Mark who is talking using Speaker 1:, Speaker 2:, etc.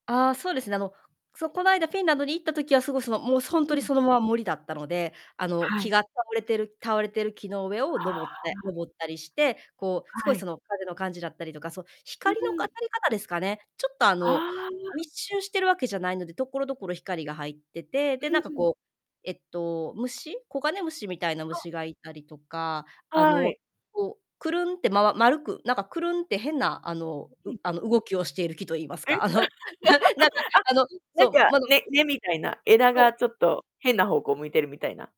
Speaker 1: あ、そうですね。あの、そう、この間フィンランドに行った時はすご、その、もう、そう、ほん
Speaker 2: う
Speaker 1: とに
Speaker 2: ん。
Speaker 1: そのまま森だったので、あの、
Speaker 2: は
Speaker 1: 木
Speaker 2: い。
Speaker 1: が倒れてる倒れてる木の上を
Speaker 2: はあ、
Speaker 1: 登っ
Speaker 2: あ。
Speaker 1: て登ったりして、こうすご
Speaker 2: は
Speaker 1: いそ
Speaker 2: い。
Speaker 1: の風の感じだったりとか、そう、
Speaker 2: う
Speaker 1: 光の
Speaker 2: ー
Speaker 1: か
Speaker 2: ん。
Speaker 1: たり方ですかね。ちょっとあ
Speaker 2: あ
Speaker 1: の、
Speaker 2: あ。
Speaker 1: 密集しているわけじゃないので、所々光が入ってて、で、
Speaker 2: う
Speaker 1: なんか、
Speaker 2: ん。
Speaker 1: こう、えっと、虫、コガネムシみたいな
Speaker 2: そう。
Speaker 1: 虫がいたりとか。あ
Speaker 2: は
Speaker 1: の、
Speaker 2: い。
Speaker 1: こう、クルンってまわ丸く、なんかクルンって変なあの、
Speaker 2: う
Speaker 1: う
Speaker 2: ん。
Speaker 1: あの、動きをしている木と言います
Speaker 2: え。
Speaker 1: か、あの、ななんかあの、う
Speaker 2: あ、な
Speaker 1: そ
Speaker 2: んか
Speaker 1: う、まど
Speaker 2: 根根みたいな、枝
Speaker 1: そう。
Speaker 2: がちょっと変な方向向いてるみたいな？